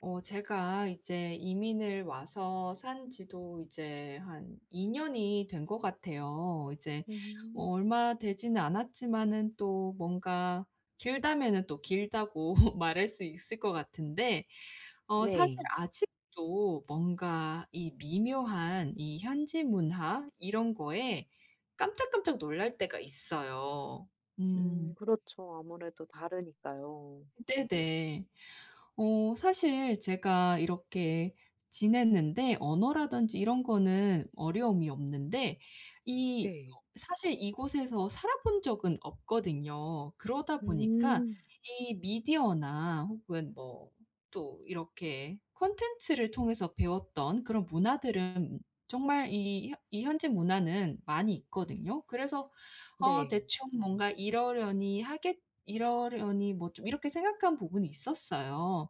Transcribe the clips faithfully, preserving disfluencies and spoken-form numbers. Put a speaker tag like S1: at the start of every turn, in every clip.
S1: 어 제가 이제 이민을 와서 산 지도 이제 한 이 년이 된 것 같아요. 이제
S2: 음.
S1: 얼마 되지는 않았지만은 또 뭔가 길다면은 또 길다고 말할 수 있을 것 같은데 어 사실
S2: 네.
S1: 아직도 뭔가 이 미묘한 이 현지 문화 이런 거에 깜짝 깜짝 놀랄 때가 있어요.
S2: 음
S1: 음.
S2: 그렇죠. 아무래도 다르니까요.
S1: 네네. 어 사실 제가 이렇게 지냈는데 언어라든지 이런 거는 어려움이 없는데 이
S2: 네.
S1: 어 사실 이 곳에서 살아 본 적은 없거든요. 그러다 보니까
S2: 음.
S1: 이 미디어나 혹은 뭐 또 이렇게 콘텐츠를 통해서 배웠던 그런 문화들은 정말 이 이 현재 문화는 많이 있거든요. 그래서 어
S2: 네.
S1: 대충 뭔가 이러려니 하겠 이러려니 뭐 좀 이렇게 생각한 부분이 있었어요.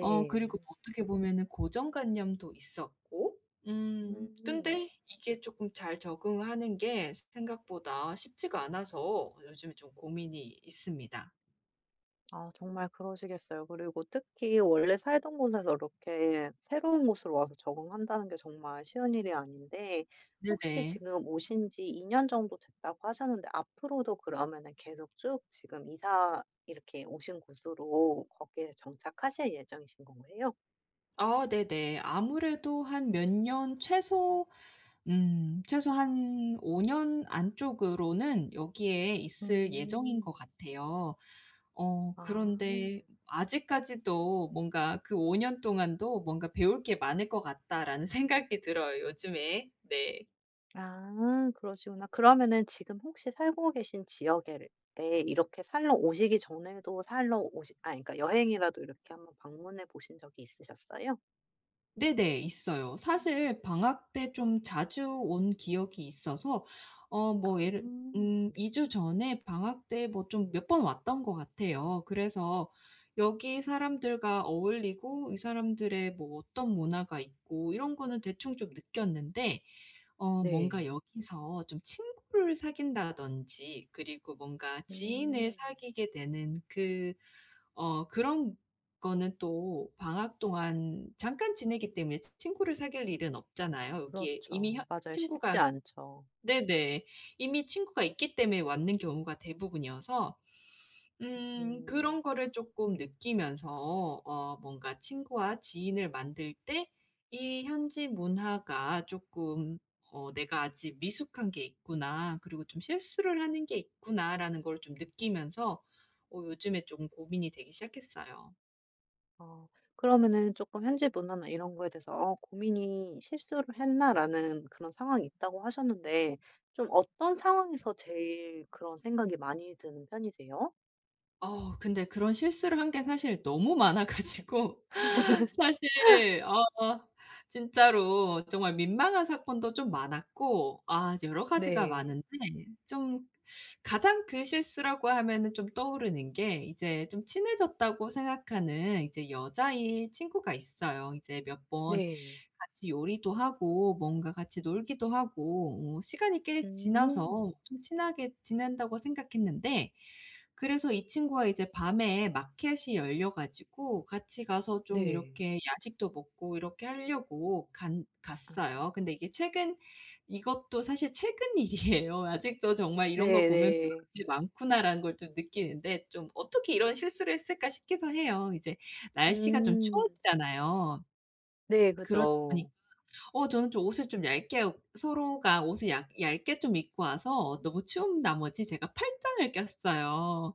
S1: 어 그리고 어떻게 보면은 고정 관념도 있었고. 음.
S2: 음.
S1: 근데 이게 쪼끔 잘 적응하는 게 생각보다 쉽지가 않아서 요즘에 좀 고민이 있습니다.
S2: 아 정말 그러시겠어요. 그리고 특히 원래 살던 곳에서 이렇게 새로운 곳으로 와서 적응한다는 게 정말 쉬운 일이 아닌데 혹시
S1: 네네.
S2: 지금 오신 지 이 년 정도 됐다고 하셨는데 앞으로도 그러면은 계속 쭉 지금 이사 이렇게 오신 곳으로 거기에 정착하실 예정이신 건가요?
S1: 아 네네. 아무래도 한 몇 년 최소 음 최소 한 오 년 안쪽으로는 여기에 있을 예정인 것
S2: 음.
S1: 같아요. 어
S2: 아.
S1: 그런데 아직까지도 뭔가 그 '오 년 동안도 뭔가 배울 게 많을 것 같다.'라는 생각이 들어요 요즘에. 네.
S2: 아 그러시구나. 그러면은 지금 혹시 살고 계신 지역에를 예 이렇게 살러 오시기 전에도 살러 오시 아니 그러니까 여행이라도 이렇게 한번 방문해 보신 적이 있으셨어요?
S1: 네네. 있어요. 사실 방학 때 좀 자주 온 기억이 있어서 어
S2: 아.
S1: 뭐 예를 음 이 주 전에 방학 때 뭐 좀 몇 번 왔던 것 같아요. 그래서 여기 사람들과 어울리고 이 사람들의 뭐 어떤 문화가 있고 이런 거는 대충 좀 느꼈는데 어
S2: 네.
S1: 뭔가 여기서 좀 친구를 사귄다든지 그리고 뭔가 지인을
S2: 음.
S1: 사귀게 되는 그 어 그런 거는 또 방학 동안 잠깐 지내기 때문에 친구를 사귈 일은 없잖아요. 여기에 이미 혀
S2: 그렇죠. 맞아요.
S1: 친구가
S2: 쉽지 않죠.
S1: 네네 이미 친구가 있기 때문에 왔는 경우가 대부분이어서 음
S2: 음.
S1: 그런 거를 쪼끔 느끼면서 어 뭔가 친구와 지인을 만들 때 이 현지 문화가 쪼끔 어 '내가 아직 미숙한 게 있구나. 그리고 좀 실수를 하는 게 있구나.'라는 걸 좀 느끼면서 어 요즘에 좀 고민이 되기 시작했어요.
S2: 어 그러면은 쪼끔 현지 문화나 이런 거에 대해서 어 고민이 "'실수를 했나?'라는 그런 상황이 있다."고 하셨는데 좀 어떤 상황에서 제일 그런 생각이 많이 드는 편이세요?
S1: 어 근데 그런 실수를 한 게 사실 너무 많아 가지고. 사실 어 진짜로 정말 민망한 사건도 좀 많았고 아 이제 여러 가지가
S2: 네.
S1: 많은데. 좀 가장 큰 실수라고 하면은 좀 떠오르는 게 이제 좀 친해졌다고 생각하는 이제 여자인 친구가 있어요. 이제 몇 번
S2: 네.
S1: 같이 요리도 하고 뭔가 같이 놀기도 하고 어 시간이 꽤 지나서
S2: 음.
S1: 좀 친하게 지낸다고 생각했는데. 그래서 이 친구가 이제 밤에 마켓이 열려 가지고 같이 가서 좀
S2: 네.
S1: 이렇게 야식도 먹고 이렇게 하려고 간
S2: 아.
S1: 갔어요. 근데 이게 최근 이것도 사실 최근 일이에요. 아직도 정말 이런 걸
S2: 네
S1: 보면 '배울
S2: 네.
S1: 일이 많구나.'라는 걸 좀 느끼는데. 좀 '어떻게 이런 실수를 했을까?' 싶기도 해요. 이제 날씨가 좀
S2: 음.
S1: 추워지잖아요.
S2: 네
S1: 그러다 보니까
S2: 그죠.
S1: 어 저는 좀 옷을 좀 얇게 옷 서로가 옷을 얇 얇게 좀 입고 와서 너무 추운 나머지 제가 팔짱을 꼈어요.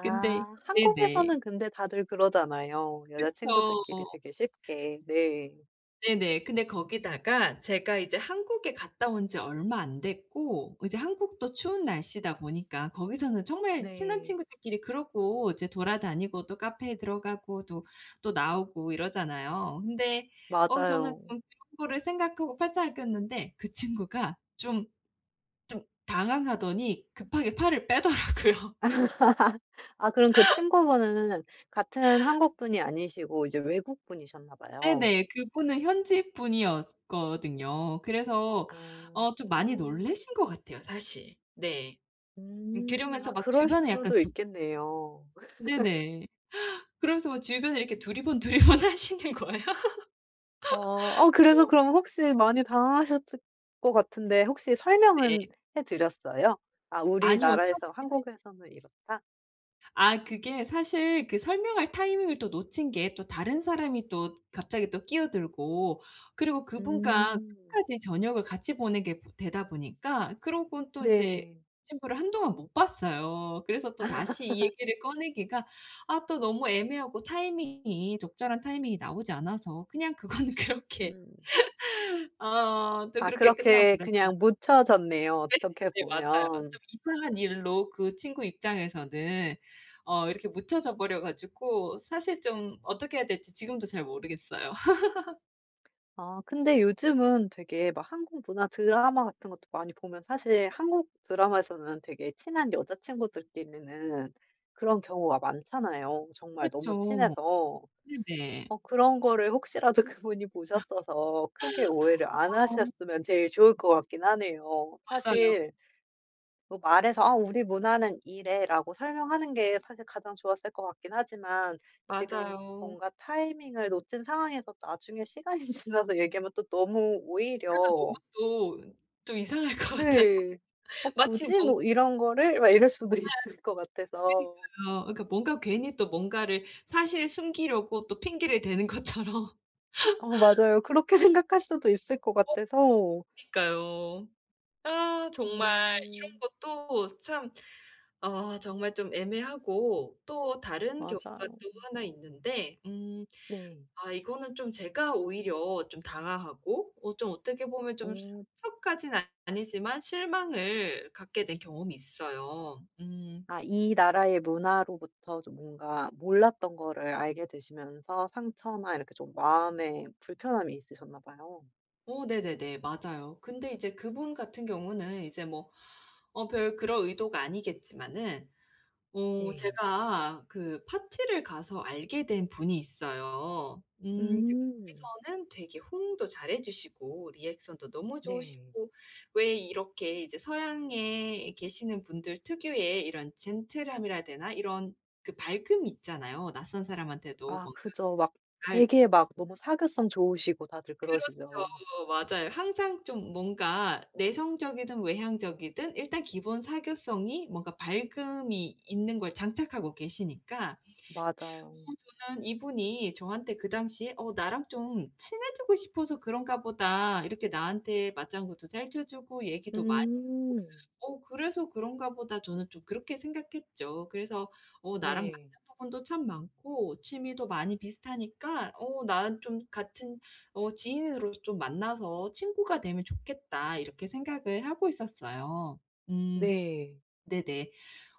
S1: 근데 네네.
S2: 한국에서는 근데 다들 그러잖아요 여자친구들끼리
S1: 그쵸.
S2: 되게 쉽게. 네.
S1: 네네. 근데 거기다가 제가 이제 한국에 갔다 온 지 얼마 안 됐고 이제 한국도 추운 날씨다 보니까 거기서는 정말 친한
S2: 네.
S1: 친구들끼리 그러고 이제 돌아다니고 또 카페에 들어가고 또, 또 나오고 이러잖아요. 근데 어 저는
S2: 맞아요.
S1: 좀 그런 거를 생각하고 팔짱을 꼈는데 그 친구가 좀 뜸 당황하더니 급하게 팔을 빼더라고요.
S2: 아 그럼 그 친구 분은 같은 한국 분이 아니시고 이제 외국 분이셨나 봐요.
S1: 네네. 그 분은 현지 분이었거든요. 그래서 어 좀 많이
S2: 아.
S1: 놀라신 것 같아요 사실. 네.
S2: 음.
S1: 그러면서
S2: 아
S1: 막
S2: 그럴
S1: 주변에 약간
S2: 수도
S1: 좀
S2: 있겠네요.
S1: 네네. 그러면서 뭐 주변에 이렇게 두리번 두리번 하시는 거야.
S2: 어 어 그래서
S1: 뭐
S2: 그럼 혹시 많이 당황하셨을 거 같은데 혹시 설명은
S1: 네.
S2: 해 드렸어요? 아
S1: 아니요.
S2: 우리나라에서
S1: 사실
S2: 한국에서는 이렇다.
S1: 아. 그게 사실 그 설명할 타이밍을 또 놓친 게 또 다른 사람이 또 갑자기 또 끼어들고 그리고 그분과
S2: 음.
S1: 끝까지 저녁을 같이 보내게 보 되다 보니까 그러고 또 이제
S2: 네.
S1: 친구를 한동안 못 봤어요. 그래서 또 다시 이 얘기를 꺼내기가 아 또 너무 애매하고 타이밍이 적절한 타이밍이 나오지 않아서 그냥 그거는 그렇게.
S2: 음.
S1: 어. 또
S2: 아
S1: 그렇게 끝나
S2: 그렇게
S1: 버렸네요.
S2: 그냥 묻혀졌네요,
S1: 네,
S2: 어떻게
S1: 네. 맞아요.
S2: 보면.
S1: 좀 이상한 일로 그 친구 입장에서는 어 이렇게 묻혀져 버려 가지고 사실 좀 어떻게 해야 될지 지금도 잘 모르겠어요.
S2: 아 근데 요즘은 되게 막 한국 문화 드라마 같은 것도 많이 보면 사실 한국 드라마에서는 되게 친한 여자 친구들끼리는 그런 경우가 많잖아요 정말 너무
S1: 그렇죠.
S2: 친해서.
S1: 네네.
S2: 어 그런 거를 혹시라도 그분이 보셨어서 크게 오해를 안
S1: 아우.
S2: 하셨으면 제일 좋을 것 같긴 하네요.
S1: 맞아요.
S2: 사실 뭐 말해서 "아 우리 문화는 이래."라고 설명하는 게 사실 가장 좋았을 것 같긴 하지만 지금
S1: 맞아요.
S2: 뭔가 타이밍을 놓친 상황에서 나중에 시간이 지나서 얘기하면 또 너무
S1: 그래도 너무
S2: 오히려
S1: 또 좀 이상할 것 같아.
S2: 네. '어
S1: 마침
S2: 굳이?
S1: 뭐
S2: 뭐 이런 거를?' 막 이럴 수도
S1: 예.
S2: 있을 것 같아서
S1: 그니까요. 그러니까 뭔가 괜히 또 뭔가를 사실 숨기려고 또 핑계를 대는 것처럼.
S2: 어 맞아요. 그렇게 생각할 수도 있을 것
S1: 어.
S2: 같아서
S1: 그니까요. 아 정말 이런
S2: 음.
S1: 것도 참 아 정말 좀 애매하고 또 다른 경우가
S2: 맞아요.
S1: 또 하나 있는데 음
S2: 네.
S1: 아 이거는 좀 제가 오히려 좀 당황하고 어 좀 어떻게 보면 좀
S2: 오.
S1: 상처까지는 아니지만 실망을 갖게 된 경험이 있어요. 음.
S2: 아 이 나라의 문화로부터 좀 뭔가 몰랐던 거를 알게 되시면서 상처나 이렇게 좀 마음에 불편함이 있으셨나 봐요.
S1: 어 네네네. 맞아요. 근데 이제 그분 같은 경우는 이제 뭐 어 별 그럴 의도가 아니겠지만은 어
S2: 네.
S1: 제가 그 파티를 가서 알게 된 분이 있어요. 음
S2: 음.
S1: 거기서는 되게 호응도 잘 해 주시고 리액션도 너무
S2: 네.
S1: 좋으시고 왜 이렇게 이제 서양에 계시는 분들 특유의 이런 젠틀함이라 해야 되나 이런 그 밝음이 있잖아요. 낯선 사람한테도
S2: 아
S1: 뭔가
S2: 그죠. 막
S1: 알
S2: 되게 막 너무 사교성 좋으시고 다들
S1: 그렇죠.
S2: 그러시죠.
S1: 맞아요. 항상 좀 뭔가 내성적이든 외향적이든 일단 기본 사교성이 뭔가 밝음이 있는 걸 장착하고 계시니까 어
S2: 맞아요.
S1: 저는 이분이 저한테 그 당시에 '어 나랑 좀 친해지고 싶어서 그런가 보다. 이렇게 나한테 맞장구도 잘 쳐 주고 얘기도 많이 하고.
S2: 음.
S1: 어 그래서 그런가 보다.' 저는 좀 그렇게 생각했죠. 그래서 .어 나랑
S2: 네.
S1: 맞는 부분도 참 많고 취미도 많이 비슷하니까 어 나는 좀 같은 어 지인으로 좀 만나서 친구가 되면 좋겠다.' 이렇게 생각을 하고 있었어요. 음.
S2: 네.
S1: 네네.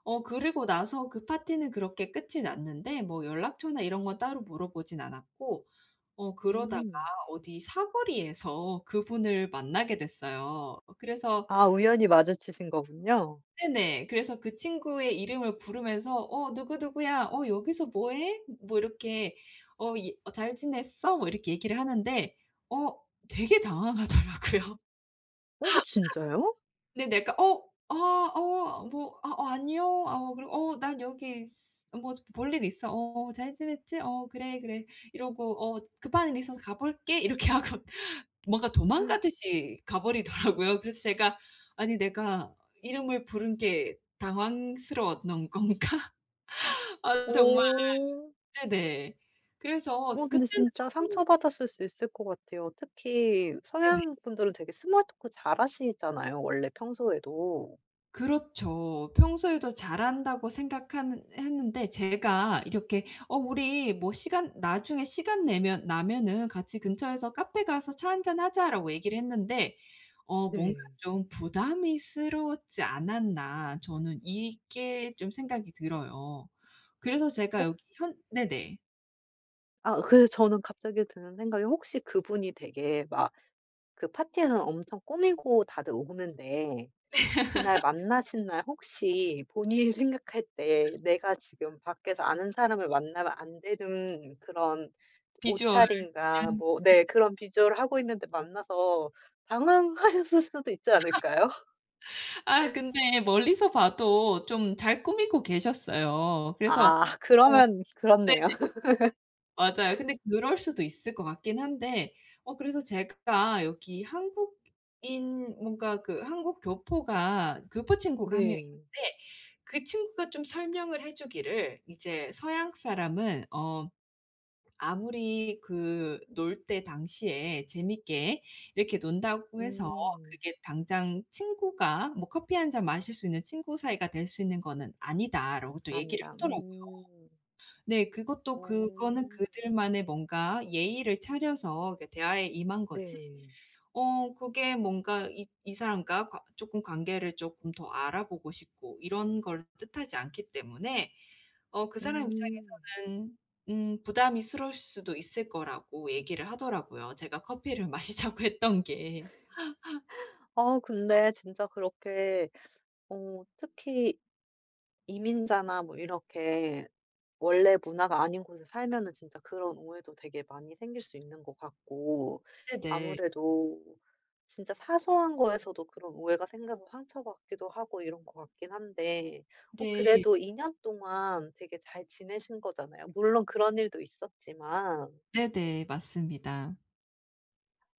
S1: 어 그리고 나서 그 파티는 그렇게 끝이 났는데 뭐 연락처나 이런 건 따로 물어 보진 않았고 어 그러다가
S2: 음.
S1: 어디 사거리에서 그분을 만나게 됐어요. 그래서
S2: 아 우연히 마주치신 거군요.
S1: 네네. 그래서 그 친구의 이름을 부르면서 "어 누구 누구야 어 여기서 뭐해?" 뭐 이렇게 어 이 "어 잘 지냈어?" 뭐 이렇게 얘기를 하는데 어 되게 당황하더라고요.
S2: 어 진짜요?
S1: 네네 그니까 "어 아 어 뭐 아 아니요." 어 그리고 "어 난 여기 있 뭐 볼 일 있어. 어어 잘 지냈지? 어 그래 그래." 이러고 "어 급한 일이 있어서 가 볼게." 이렇게 하고 뭔가 도망가듯이 가 버리더라고요. 그래서 제가 '아니 내가 이름을 부른 게 당황스러웠던 건가?' 아 정말.
S2: 어.
S1: 네네. 그래서
S2: 어 근데
S1: 그때는
S2: 진짜
S1: 저도
S2: 상처 받았을 수 있을 것 같아요. 특히
S1: 네네.
S2: 서양 분들은 되게 small talk 잘 하시잖아요 원래 평소에도.
S1: 그렇죠. 평소에도 잘한다고 생각한 했는데 제가 이렇게 어 "우리 뭐 시간 나중에 시간 내면 나면은 같이 근처에서 카페가서 차 한잔 하자."라고 얘기를 했는데 어 뭔가
S2: 네.
S1: 좀 '부담이 스러웠지 않았나?' 저는 이게 좀 생각이 들어요. 그래서 제가
S2: 어.
S1: 여기 현 네네.
S2: 아. 으 그래서 저는 갑자기 드는 생각이 혹시 그분이 되게 막 그 파티에선 엄청 꾸미고 다들 오는데 그날 만나신 날 혹시 본인이 생각할 때 내가 지금 밖에서 아는 사람을 만나면 안 되는 그런
S1: visual. 네.
S2: 옷차림과 뭐
S1: 네.
S2: 네 그런 visual을 하고 있는데 만나서 당황하셨을 수도 있지 않을까요?
S1: 아 근데 멀리서 봐도 좀 잘 꾸미고 계셨어요. 그래서
S2: 아.
S1: 어
S2: 그러면
S1: 네네.
S2: 그렇네요.
S1: 맞아요. 근데 그럴 수도 있을 것 같긴 한데 어 그래서 제가 여기 한국인 뭔가 그 한국 교포가 교포 친구가 한 명
S2: 네.
S1: 있는데 그 친구가 좀 설명을 해 주기를 이제 "서양 사람은 어 아무리 그 놀 때 당시에 재밌게 이렇게 논다고 해서
S2: 음.
S1: 그게 당장 친구가 뭐 커피 한잔 마실 수 있는 친구 사이가 될 수 있는 거는 아니다."라고 또 얘기를
S2: 아니다.
S1: 하더라고요.
S2: 음.
S1: 네 그것도 그거는
S2: 오.
S1: 그들만의 뭔가 예의를 차려서 그 대화에 임한 거지
S2: 네.
S1: 어 그게 뭔가 이 이 사람과 관 쪼끔 관계를 쪼끔 더 알아보고 싶고 이런 걸 뜻하지 않기 때문에 어 그 사람
S2: 음.
S1: 입장에서는 음 부담이 스러울 수도 있을 거라고 얘기를 하더라고요, 제가 커피를 마시자고 했던 게.
S2: 어. 근데 진짜 그렇게 어 특히 이민자나 뭐 이렇게 원래 문화가 아닌 곳에 살면은 진짜 그런 오해도 되게 많이 생길 수 있는 것 같고
S1: 네네.
S2: 아무래도 진짜 사소한 거에서도 그런 오해가 생겨서 상처받기도 하고 이런 것 같긴 한데. 어
S1: 네.
S2: 그래도 이 년 동안 되게 잘 지내신 거잖아요 물론 그런 일도 있었지만.
S1: 네네. 맞습니다.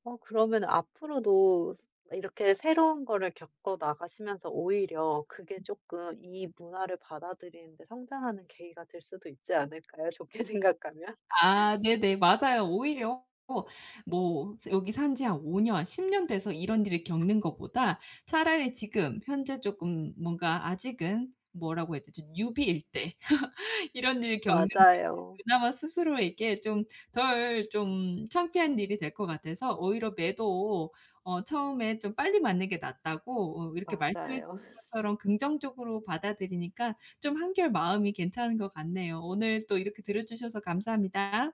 S2: 어 그러면은 앞으로도 스 이렇게 새로운 거를 겪어 나가시면서 오히려 그게 쪼끔 이 문화를 받아들이는 데 성장하는 계기가 될 수도 있지 않을까요, 좋게 생각하면?
S1: 아. 네네. 맞아요. 오히려 또 뭐 산 여기 산 지 한 오 년, 십 년 돼서 이런 일을 겪는 거보다 차라리 지금 현재 쪼끔 뭔가 아직은 뭐라고 해야 되지? newbie일 때 이런 일 겪는 게
S2: 맞아요.
S1: 그나마 스스로에게 좀 덜 좀 창피한 일이 될 것 같아서 오히려 매도 어 처음에 좀 빨리 맞는 게 낫다고 으 이렇게 말씀해
S2: 맞아요.
S1: 주신 것처럼 긍정적으로 받아들이니까 좀 한결 마음이 괜찮은 것 같네요. 오늘 또 이렇게 들어 주셔서 감사합니다.